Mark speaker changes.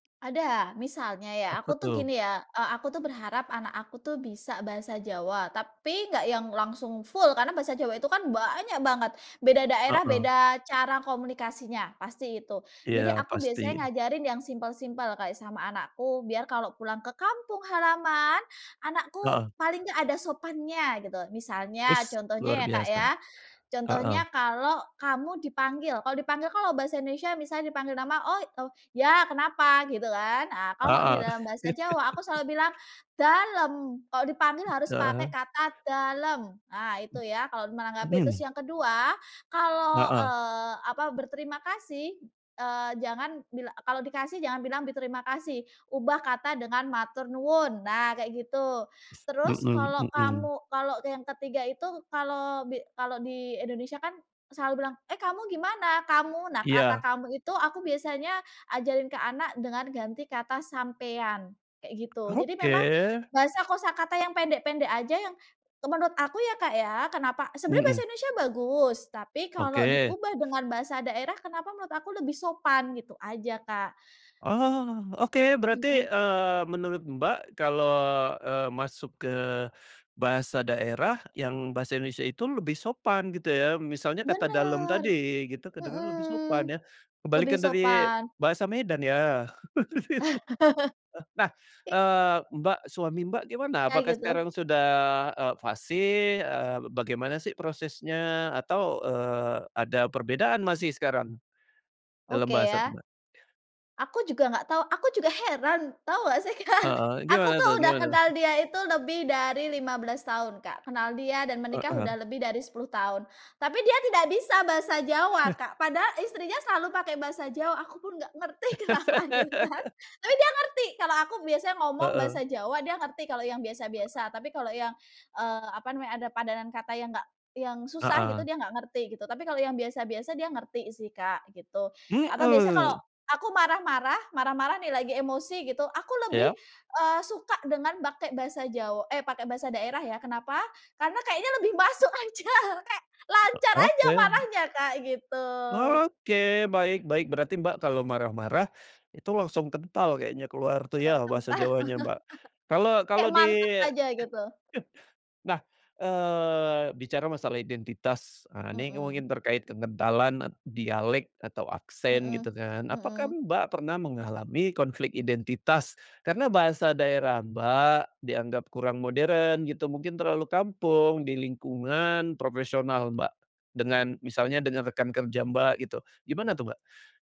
Speaker 1: Ada. Misalnya ya
Speaker 2: Apa
Speaker 1: aku tuh
Speaker 2: tuh?
Speaker 1: gini ya, e aku tuh berharap anak aku tuh bisa bahasa Jawa, tapi nggak yang langsung full karena bahasa Jawa itu kan banyak banget, beda daerah
Speaker 2: Heeh.
Speaker 1: beda cara komunikasinya, pasti itu. Jadi
Speaker 2: Iya
Speaker 1: aku
Speaker 2: pasti.
Speaker 1: biasanya ngajarin yang simple-simple kayak sama anakku biar kalau pulang ke kampung halaman, anakku
Speaker 2: Heeh.
Speaker 1: paling nggak ada sopannya gitu. Misalnya,
Speaker 2: Wis,
Speaker 1: contohnya
Speaker 2: luar
Speaker 1: ya Kak
Speaker 2: biasa.
Speaker 1: ya, contohnya
Speaker 2: Heeh.
Speaker 1: kalau kamu dipanggil, kalau dipanggil, kalau bahasa Indonesia misalnya dipanggil nama, "Oh o ya kenapa?" Gitu kan. Nah, kalau di
Speaker 2: Heeh.
Speaker 1: dalam bahasa Jawa aku selalu bilang, "dalem." Kalau dipanggil harus pakai
Speaker 2: Heeh.
Speaker 1: kata, "dalem." Nah itu ya kalau menanggapi. Terus
Speaker 2: Hmm.
Speaker 1: yang ke-2, kalau,
Speaker 2: Heeh.
Speaker 1: eee, apa, berterima kasih, eee, jangan bil kalau dikasih jangan bilang berterima kasih, ubah kata dengan "matur nuwun." Nah kayak gitu.
Speaker 2: S
Speaker 1: Terus
Speaker 2: mhm
Speaker 1: kalau
Speaker 2: mhm.
Speaker 1: kamu kalau yang ke-3 itu, kalau bi kalau di Indonesia kan selalu bilang, "Eh kamu gimana kamu?" Nah kata
Speaker 2: Iya.
Speaker 1: kamu itu aku biasanya ajarin ke anak dengan ganti kata "sampean" kayak gitu. Jadi memang
Speaker 2: Oke.
Speaker 1: bahasa kosakata yang pendek-pendek aja yang menurut aku ya Kak ya, kenapa sebenarnya bahasa
Speaker 2: Mhm.
Speaker 1: Indonesia bagus, tapi kalau
Speaker 2: Oke.
Speaker 1: diubah dengan bahasa daerah, kenapa menurut aku lebih sopan gitu aja Kak.
Speaker 2: Oh, oke, berarti,
Speaker 1: Mhm.
Speaker 2: eee, menurut Mbak kalau, eee, masuk ke bahasa daerah yang bahasa Indonesia itu lebih sopan gitu ya, misalnya kata "dalam"
Speaker 1: Bener!
Speaker 2: tadi gitu, kedengaran lebih
Speaker 1: Mhm.
Speaker 2: sopan ya.
Speaker 1: Lebih
Speaker 2: Kebalikan dari
Speaker 1: sopan.
Speaker 2: bahasa Medan ya. Eh, nah,
Speaker 1: [unintelligible]
Speaker 2: eee, Mbak, suami Mbak gimana?
Speaker 1: Ya
Speaker 2: Apakah
Speaker 1: gitu.
Speaker 2: sekarang sudah, eee, fasih? Eee, bagaimana sih prosesnya? Atau, eee, ada perbedaan masih sekarang? Dalam
Speaker 1: Oke
Speaker 2: bahasa
Speaker 1: ya.
Speaker 2: Mbak.
Speaker 1: Aku juga nggak tahu aku juga heran! Tahu nggak sih Kak,
Speaker 2: Heeh.
Speaker 1: aku
Speaker 2: Gimana
Speaker 1: tuh
Speaker 2: tuh
Speaker 1: udah
Speaker 2: gimana tuh?
Speaker 1: kenal dia itu lebih dari 15 tahun Kak, kenal dia dan menikah udah
Speaker 2: Heeh.
Speaker 1: lebih dari 10 tahun. Tapi dia tidak bisa bahasa Jawa Kak. Padahal istrinya selalu pakai bahasa Jawa. Aku pun nggak ngerti kenapa gitu kan. Tapi dia ngerti kalau aku biasa ngomong bahasa
Speaker 2: Heeh.
Speaker 1: Jawa, dia ngerti kalau yang biasa-biasa. Tapi kalau yang, eee, apa namanya ada padanan kata yang nggak yang susah gitu,
Speaker 2: Heeh.
Speaker 1: dia nggak ngerti gitu. Tapi kalau yang biasa-biasa dia ngerti sih Kak gitu. Atau biasa kalau
Speaker 2: Mhm.
Speaker 1: aku marah-marah marah-marah nih lagi emosi gitu, aku lebih,
Speaker 2: Iya.
Speaker 1: eee, suka dengan pakai bahasa Jaw eh pakai bahasa daerah ya. Kenapa? Karena kayaknya lebih masuk aja. Kek
Speaker 2: E
Speaker 1: lancar aja
Speaker 2: oke.
Speaker 1: marahnya Kak gitu.
Speaker 2: Oke, baik baik. Berarti Mbak kalau marah-marah itu langsung kental kayaknya keluar tuh
Speaker 1: Ke
Speaker 2: ya
Speaker 1: kental.
Speaker 2: bahasa Jawanya Mbak. Kalau kalau
Speaker 1: Kek
Speaker 2: di
Speaker 1: mantep aja gitu.
Speaker 2: nah, eee, bicara masalah identitas, ah, ini
Speaker 1: Mhm.
Speaker 2: mungkin terkait kekentalan e dialek atau aksen gitu
Speaker 1: Mhm.
Speaker 2: kan. Apakah
Speaker 1: Mhm.
Speaker 2: Mbak pernah mengalami konflik identitas karena bahasa daerah Mbak dianggap kurang modern gitu, mungkin terlalu kampung di lingkungan profesional Mbak, dengan misalnya dengan rekan kerja Mbak gitu. Gimana tuh Mbak?